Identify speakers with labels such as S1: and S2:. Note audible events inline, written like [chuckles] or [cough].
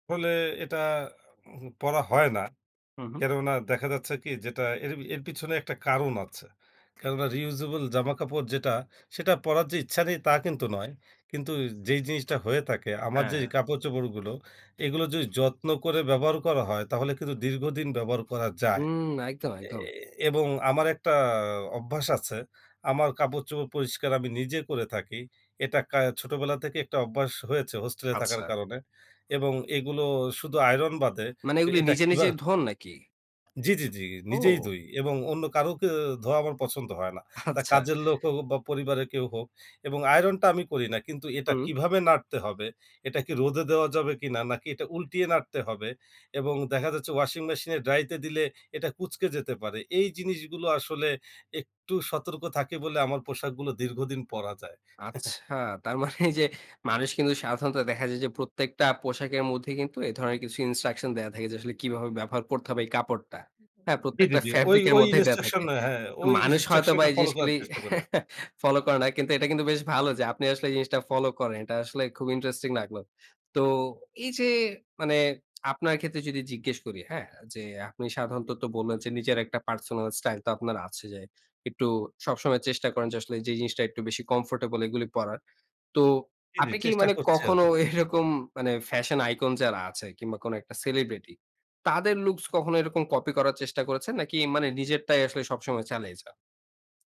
S1: ফলে এটা [clears throat] পরা হয় না
S2: হুম, হুম।
S1: কেননা দেখা যাচ্ছে কি যেটা এর এর পিছনে একটা কারণ আছে কেননা Reusable জামাকাপড় যেটা সেটা পরার যে ইচ্ছা নেই তা কিন্তু নয় কিন্তু যেই জিনিসটা হয়ে থাকে আমার যেই
S2: হ্যাঁ।
S1: কাপড় চোপড়গুলো এগুলো যদি যত্ন করে ব্যবহার করা হয় তাহলে কিন্তু দীর্ঘদিন ব্যবহার করা যায়
S2: হুম, একদম,
S1: এ
S2: একদম।
S1: এবং আমার একটা অভ্যাস আছে আমার কাপড় চোপড় পরিষ্কার আমি নিজে করে থাকি এটা কা ছোটোবেলা থেকেই একটা অভ্যাস হয়েছে হোস্টেলে থাকার
S2: আচ্ছা।
S1: কারণে এবং এগুলো শুধু আইরন বাদে
S2: মানে এগুলি
S1: এটা
S2: নিজে নিজে
S1: কিভাবে?
S2: ধোন নাকি?
S1: জি, জি, জি, নিজেই
S2: ও।
S1: ধুই এবং অন্য কারোকে ধোয়া আমার পছন্দ হয় না। তা
S2: আচ্ছা।
S1: কাজের লোক হোক বা পরিবারের কেউ হোক এবং আইরনটা আমি করি না। কিন্তু এটা
S2: হুম।
S1: কিভাবে নাড়তে হবে? এটা কি রোদে দেওয়া যাবে কিনা নাকি এটা উল্টিয়ে নাড়তে হবে এবং দেখা যাচ্ছে ওয়াশিং মেশিন এ ড্রাইতে দিলে এটা কুঁচকে যেতে পারে। এই জিনিসগুলো আসলে একটু সতর্ক থাকি বলে আমার পোশাকগুলো দীর্ঘদিন পড়া যায়। [chuckles]
S2: আচ্ছা তার এই মানে যে মানুষ কিন্তু সাধারণত দেখা যায় যে প্রত্যেকটা পোশাকের মধ্যে কিন্তু এ ধরনের কিছু Instruction ন দেয়া থাকে। যে আসলে কিভাবে ব্যবহার করতে হবে এই কাপড়টা। হ্যাঁ
S1: জি, জি,
S2: প্রত্যেকটা
S1: জি, ওই
S2: ফেব্রিক এর
S1: ওই
S2: মধ্যেই দেয়া
S1: ইন্সট্রাকশন
S2: থাকে।
S1: হ্যাঁ ওই
S2: মানুষ হয়তো বা
S1: ইন্সট্রাকশনটা
S2: এই
S1: ফলো করার
S2: জিনিসগুলি
S1: চেষ্টা করে।
S2: ফলো করে না কিন্তু এটা কিন্তু বেশ ভালো যে আপনি আসলে এই জিনিসটা ফলো করেন এটা আসলে খুব Interesting লাগলো। তো এই যে মানে আপনার ক্ষেত্রে যদি জিজ্ঞেস করি, হ্যাঁ যে আপনি সাধারণত বললেন যে নিজের একটা পার্সোনাল স্টাইল তো আপনার আছে যাই। একটু সবসময় চেষ্টা করেন যে আসলে যে জিনিসটা একটু বেশি কমফোর্টেবল এগুলি পড়ার। তো
S1: জি, জি,
S2: আপনি কি
S1: চেষ্টা
S2: মানে
S1: করছি
S2: কখনো
S1: আরকি।
S2: এরকম মানে ফ্যাশন আইকন যারা আছে কিংবা কোন একটা সেলিব্রিটি তাদের লুকস কখনো এরকম কপি করার চেষ্টা করেছেন নাকি মানে নিজেরটাই আসলে সবসময় চালিয়ে যান?